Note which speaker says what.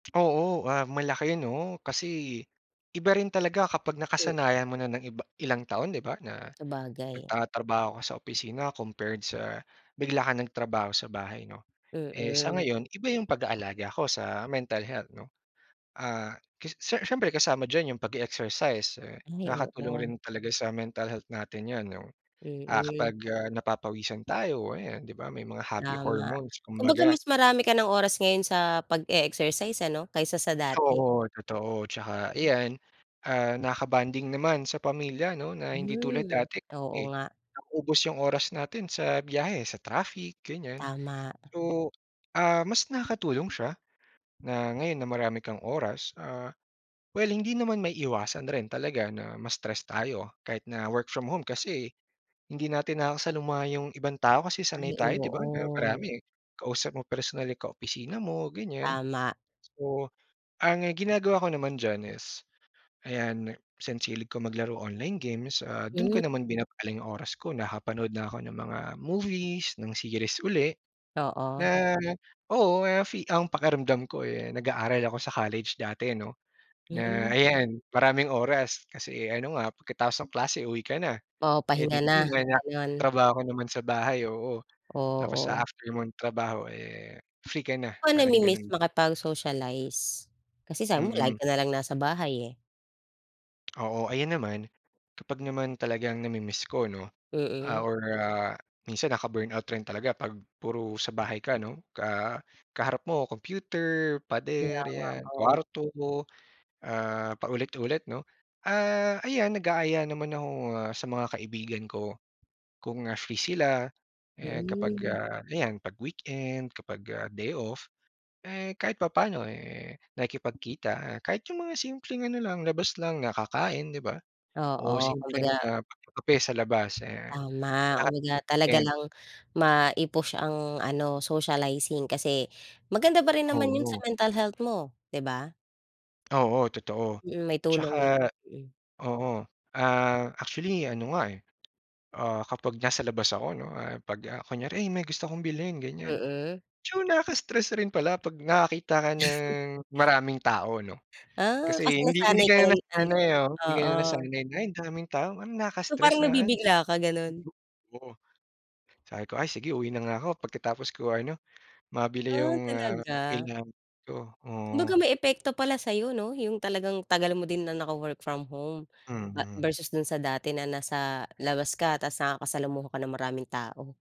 Speaker 1: Oo. Ah, malaki, ano? Kasi iba rin talaga kapag
Speaker 2: Mm.
Speaker 1: nakasanayan mo na ng iba ilang taon, 'di ba, na
Speaker 2: Sabagay.
Speaker 1: nagtatrabaho ka sa opisina compared sa bigla kang nagtrabaho sa bahay, 'no? Eh sa
Speaker 2: Mm.
Speaker 1: ngayon, iba yung pag aalaga ko sa mental health, 'no? Ah, k si siyempre kasama diyan yung pag-e-exercise eh
Speaker 2: Ay,
Speaker 1: nakakatulong
Speaker 2: oo.
Speaker 1: rin talaga sa mental health natin yun, 'no? Ah,
Speaker 2: Mm.
Speaker 1: kapag, ah, napapawisan tayo, ayan, 'di ba, may mga happy
Speaker 2: Tama.
Speaker 1: hormones
Speaker 2: Kumbaga
Speaker 1: kumbaga.
Speaker 2: mas marami ka ng oras ngayon sa pag-e-exercise ano, kaysa sa dati.
Speaker 1: Oo, totoo. Tsaka ayan, ah, nakaka-bonding naman sa pamilya, 'no, na hindi tulad
Speaker 2: Hmm,
Speaker 1: dati
Speaker 2: oo
Speaker 1: eh,
Speaker 2: nga.
Speaker 1: nauubos yung oras natin sa biyahe, sa traffic, ganiyan.
Speaker 2: Tama.
Speaker 1: So, ah, mas nakakatulong siya na ngayon na marami kang oras. Ah, well, hindi naman maiiwasan rin talaga na ma-stress tayo kahit na work from home, kasi hindi natin nakakasaluma yung ibang tao kasi sanay
Speaker 2: Ay,
Speaker 1: tayo, 'di ba, na
Speaker 2: oo.
Speaker 1: marami, kausap mo personal yung kaopisina mo, ganiyan.
Speaker 2: Tama.
Speaker 1: So, ang ginagawa ko naman diyan is, ayan, since hilig ko maglaro online games, ah, dun
Speaker 2: Hmm.
Speaker 1: ko naman binabaling oras ko, nakapanood na ako ng mga movies, ng series uli
Speaker 2: Oo.
Speaker 1: na, oo, kaya fi ang pakiramdam ko eh nag-aaral ako sa college dati 'no na,
Speaker 2: Hmm.
Speaker 1: ayan, maraming oras, kasi ano nga, pagkatapos ng klase uwi ka na.
Speaker 2: Oo,
Speaker 1: Eh
Speaker 2: pahinga
Speaker 1: dito
Speaker 2: na,
Speaker 1: naman, ah,
Speaker 2: ganun.
Speaker 1: trabaho ka naman sa bahay, oo. Tapos sa
Speaker 2: Oo.
Speaker 1: after mong nagtrabaho eh, free ka na,
Speaker 2: Ako,
Speaker 1: parang
Speaker 2: namimiss
Speaker 1: ganun.
Speaker 2: makipag-socialize. Kasi sabi mo lagi
Speaker 1: Mm.
Speaker 2: ka nalang nasa bahay eh.
Speaker 1: Oo. Ayan naman, kapag naman talagang nami-miss ko, 'no?
Speaker 2: Mm.
Speaker 1: Ah, or ah, minsan nakaka-burnout rin talaga 'pag puro sa bahay ka, 'no, ka, ah, kaharap mo computer,
Speaker 2: Kaya
Speaker 1: pader,
Speaker 2: nga,
Speaker 1: 'yan,
Speaker 2: oo.
Speaker 1: kwarto, ah, paulit-ulit 'no? Ah, ayan, nag-aaya naman ako sa mga kaibigan ko, kung, ah, free sila, eh kapag,
Speaker 2: Hmm.
Speaker 1: ah, ayan, 'pag weekend, kapag, ah, day off. Eh, kahit papaano eh nakikipagkita kahit yung mga simpleng ano lang, labas lang, na kakain, 'di ba, o
Speaker 2: Oo, kumbaga
Speaker 1: simpleng, ah, pagkakape sa labas, ayan,
Speaker 2: Tama,
Speaker 1: [unintelligible]
Speaker 2: kumbaga talaga
Speaker 1: weekend.
Speaker 2: lang mai-push ang ano, socializing kasi maganda pa rin naman yun sa
Speaker 1: Oo.
Speaker 2: mental health mo, 'di ba?
Speaker 1: Oo, totoo.
Speaker 2: Mm, may tulong yun,
Speaker 1: Tsaka
Speaker 2: mm.
Speaker 1: oo, ah, actually ano nga eh, ah, kapag nasa labas ako 'no, ah, 'pag, ah, kunyari, "Ay, may gusto akong bilhin," ganiyan.
Speaker 2: Mm.
Speaker 1: Medyo nakaka-stress rin pala 'pag nakakita ka ng maraming tao, 'no?
Speaker 2: Ah,
Speaker 1: Kasi
Speaker 2: kasi
Speaker 1: hindi hindi
Speaker 2: nasanay ka
Speaker 1: ka na
Speaker 2: ng ano
Speaker 1: nasanay, ah, hindi ka
Speaker 2: oo.
Speaker 1: nasanay na andaming tao,
Speaker 2: So,
Speaker 1: nakaka-stress
Speaker 2: parang
Speaker 1: naman.
Speaker 2: nabibigla ka, ganun.
Speaker 1: Yu yu Oo. Sabi ko, "Ay sige uwi na nga ako pagkatapos ko ano, mabili
Speaker 2: Ah,
Speaker 1: yung, ah,
Speaker 2: talaga?
Speaker 1: kailangan ko,"
Speaker 2: Kumbaga
Speaker 1: oo.
Speaker 2: may epekto pala sa'yo, 'no, yung talagang tagal mo din na naka-work from home, ba
Speaker 1: Mm.
Speaker 2: versus dun sa dati na nasa labas ka tapos nakakasalamuha ka ng maraming tao.